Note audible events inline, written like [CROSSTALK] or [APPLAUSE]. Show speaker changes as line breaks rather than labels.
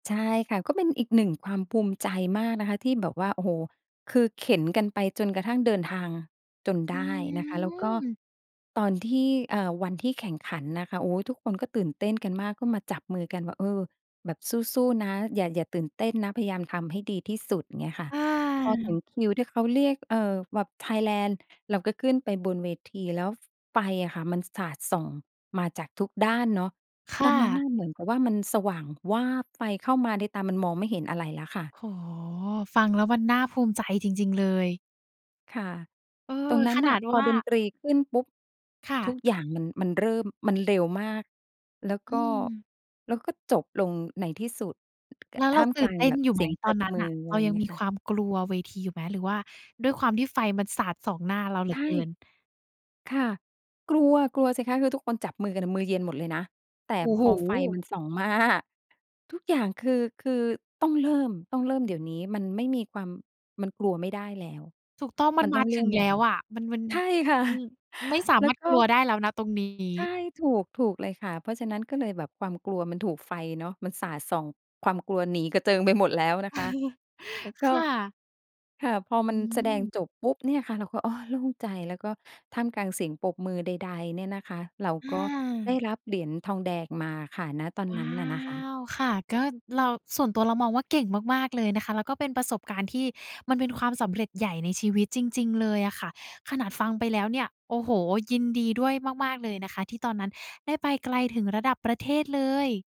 ใช่ค่ะ ก็เป็นอีกหนึ่งความภูมิใจมากนะคะที่แบบว่า โอ้โฮ คือเข็นกันไปจนกระทั่งเดินทางจน
อ
ไ
ื
ด้นะคะ แล้วก็
ม
ตอนที่ เอ่อ วันที่แข่งขันนะคะ โอ๊ย ทุกคนก็ตื่นเต้นกันมาก ก็มาจับมือกันว่า เออ แบบสู้ ๆ นะ อย่า อย่าตื่นเต้นนะ พยายามทำให้ดีที่สุด อย่างเงี้ยค่ะ
อ
พอถึ
า
งคิวที่เขาเรียก เออ แบบไทยแลนด์ เราก็ขึ้นไปบนเวที แล้ว ฟ ไฟอะค่ะมันสาดส่งมาจากทุกด้านเนาะ
ค
ต
่
อนนั้นน
ะ
่ะเหมือนกับว่ามันสว่างวาบ ไฟเข้ามาในตา มันมองไม่เห็นอะไรแล้วค่ะ
โอ้โฮ ฟังแล้วมันน่าภูมิใจจริง ๆ เลย
ค่ะ
เออ
ตรงนั้
ข
นน
น
่ะ
าด
พ
ว
อ
่า
ดนตรีขึ้นปุ๊บ
ค่
ท
ะ
ุกอย่างมัน มันเริ่ม มันเร็วมาก แล้ว
อ
ก
ื
็
ม
แล้วก็จบลงในที่สุด อ
แล้ว
ท
เร
่
า
าม
ต
ก
ื่
ล
น
า
เ
ง
ต้
แ
น
บบ
อยู่
เ
ไ
ส
หม
ียงป
ต
ร
อน
บ
นั้น
มื
น่ะ
อ
เ
อ
ร
ะไ
า
รอย่
ย
า
ั
ง
ง
เงี้
มี
ยค
ค
่ะ
วามกลัวเวทีอยู่ไหม หรือว่าด้วยความที่ไฟมันสาดสองหน้าเราเหล
ใ
ื
ช
อ
่
เกิน?
ค่ะ กลัว กลัวสิคะ คือทุกคนจับมือกันอะ มือเย็นหมดเลยนะ แต่
โอ้
พ
โฮ
อไฟมันส่อง มา ทุกอย่างคือ คือต้องเริ่ม ต้องเริ่มเดี๋ยวนี้มันไม่มีความ มันกลัวไม่ได้แล้ว
ถูกต้อ งมั
มั
น
น
ม
ต้
า
องเ
ถ
ริ่
ึง
ม
แ
แล
ล
้
้ว
ว
อะ มัน มัน-
ใช่ค่ะ
มันไม่สา
แล้
ม
ว
ารถ
ก็
กลัวได้แล้ว ณ ตรงนี
ใช
้
่ ถูก ถูกเลยค่ะ เพราะฉะนั้นก็เลยแบบ ความกลัวมันถูกไฟเนาะมันสาดส่องความกลัวหนีกระเจิงไปหมดแล้วนะคะ
[CHUCKLES]
แล้วก
ค
็
่ะ
ค่ะ พอ
อ
ม
ื
ันแสดง
ม
จบปุ๊บเนี่ยค่ะ เราก็ อ้อ โล่งใจ แล้วก็ท่ามกลางเสียงปรบมือใด ๆ เนี่ยนะคะ เรา
อ
ก็ได
า
้รับเหรียญทองแดงมาค่ะ ณ ตอน
ว
น
้
ั
า
้นอะนะคะ
ว ค่ะ ก็เรา ส่วนตัวเรามองว่าเก่งมาก ๆ เลยนะคะ แล้วก็เป็นประสบการณ์ที่มันเป็นความสำเร็จใหญ่ในชีวิตจริง ๆ เลยอะค่ะ ขนาดฟังไปแล้วเนี่ย โอ้โฮ ยินดีด้วยมาก ๆ เลยนะคะที่ตอนนั้นได้ไปไกลถึงระดับประเทศเลย